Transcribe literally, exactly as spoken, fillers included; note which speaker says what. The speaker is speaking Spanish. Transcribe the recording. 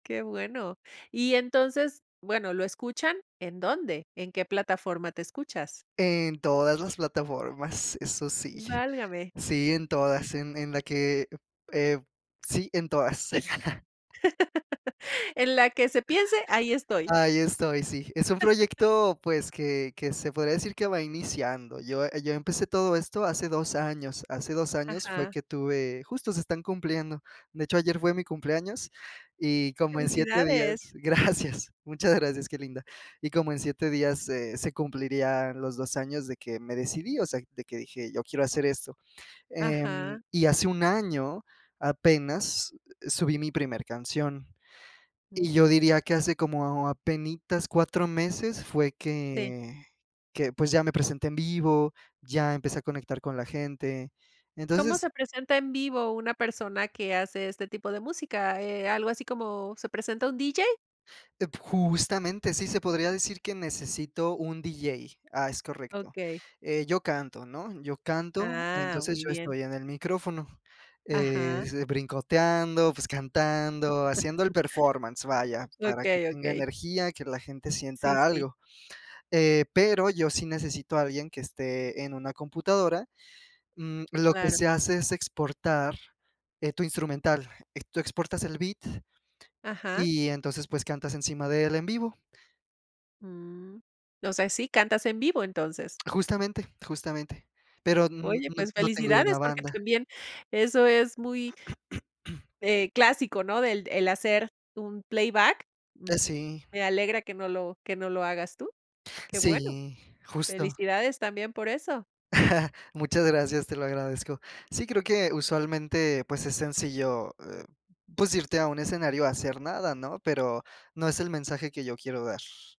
Speaker 1: Qué bueno. Y, entonces, bueno, lo escuchan, ¿en dónde? ¿En qué plataforma te escuchas?
Speaker 2: En todas las plataformas, eso sí.
Speaker 1: Válgame.
Speaker 2: Sí, en todas, en en la que, eh sí, en todas.
Speaker 1: En la que se piense, ahí estoy.
Speaker 2: Ahí estoy, sí. Es un proyecto, pues, que que se podría decir que va iniciando. Yo yo empecé todo esto hace dos años, hace dos años fue
Speaker 1: Ajá.
Speaker 2: que tuve, justo se están cumpliendo. De hecho, ayer fue mi cumpleaños y como en siete
Speaker 1: Felicidades.
Speaker 2: días, gracias, gracias, muchas gracias, qué linda, y como en siete días se se cumplirían los dos años de que me decidí, o sea, de que dije: "Yo quiero hacer esto". Em,
Speaker 1: Ajá.
Speaker 2: y hace un año, apenas, subí mi primer canción
Speaker 1: Uh.
Speaker 2: y yo diría que hace como apenitas cuatro meses fue
Speaker 1: Sí.
Speaker 2: que que, pues, ya me presenté en vivo, ya empecé a conectar con la gente.
Speaker 1: ¿Cómo
Speaker 2: Entonces
Speaker 1: se presenta en vivo una persona que hace este tipo de música? Eh, algo así como, ¿se presenta un DJ?
Speaker 2: De p justamente sí se podría decir que necesito un DJ. Ah, es correcto.
Speaker 1: Okey.
Speaker 2: Eh, yo canto, ¿no? Yo canto,
Speaker 1: Ah,
Speaker 2: entonces
Speaker 1: muy
Speaker 2: yo
Speaker 1: bien.
Speaker 2: estoy en el micrófono, eh,
Speaker 1: Ajá.
Speaker 2: brincoteando, pues cantando, haciendo el performance, vaya, para que
Speaker 1: Okey,
Speaker 2: tenga
Speaker 1: okey.
Speaker 2: energía, que la gente
Speaker 1: Sí,
Speaker 2: sienta
Speaker 1: sí.
Speaker 2: algo. Eh, pero yo sí necesito a alguien que esté en una computadora. Mm, lo que
Speaker 1: Claro.
Speaker 2: se hace es exportar, eh, tu instrumental, tú exportas el beat
Speaker 1: Ajá.
Speaker 2: y, entonces, pues cantas encima de él en vivo.
Speaker 1: Uh, o sea, si cantas en vivo, entonces.
Speaker 2: Justamente, justamente, pero n
Speaker 1: Oye,
Speaker 2: n
Speaker 1: pues
Speaker 2: no tengo una
Speaker 1: felicidades, porque
Speaker 2: banda.
Speaker 1: también eso es muy, eh, clásico, ¿no? el el hacer un playback. M
Speaker 2: Eh sí.
Speaker 1: me alegra que no lo que no lo hagas tú. Qué bueno.
Speaker 2: Sí, justo.
Speaker 1: Felicidades, también, por eso.
Speaker 2: Muchas gracias, te lo agradezco. Sí, creo que usualmente, pues, es sencillo, eh, pues, eh, irte a un escenario a hacer nada, ¿no? Pero no es el mensaje que yo quiero dar.